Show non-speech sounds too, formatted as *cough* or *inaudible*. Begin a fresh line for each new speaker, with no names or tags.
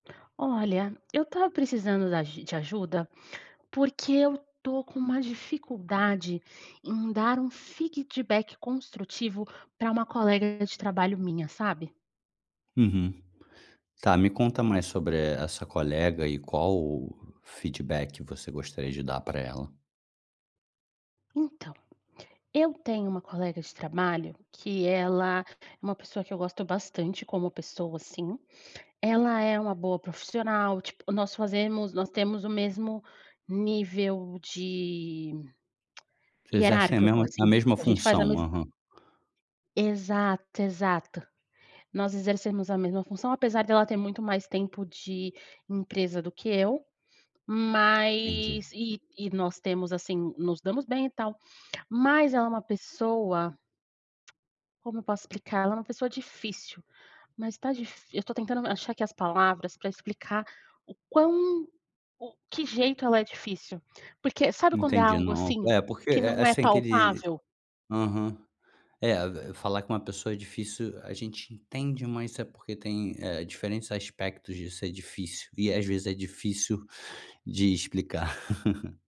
Olha, eu estava precisando da de ajuda, porque eu estou com uma dificuldade em dar um feedback construtivo para uma colega de trabalho minha, sabe?
Uhum. Tá, me conta mais sobre a essa colega e qual feedback você gostaria de dar para ela.
Então, eu tenho uma colega de trabalho que ela é uma pessoa que eu gosto bastante como pessoa assim, ela é uma boa profissional, tipo nós fazemos nós temos o mesmo nível de *clicks tongue*
Vocês exercem a
hierárquico
mesma a
assim, sabe?
mesma
A gente faz
função,
mesma.
aham.
Exato, exato, nós exercemos a mesma função apesar dela ter muito mais tempo de empresa do que eu,
Entendi.
mas e e nós temos assim, nos damos bem e tal, mas ela é uma pessoa. Como eu posso explicar? É uma pessoa difícil, mas está difi eu estou tentando achar aqui as palavras para explicar o quão o que jeito ela é difícil. Porque sabe quando é
Entendi.
algo
Não,
assim,
eh, porque,
que
eh eh,
não é
assim que ele.
palpável?
Aham. É, falar com uma pessoa é difícil, a gente entende mas é porque tem, eh, diferentes aspectos disso, é difícil e às vezes é difícil *sighs* de explicar. *laughs*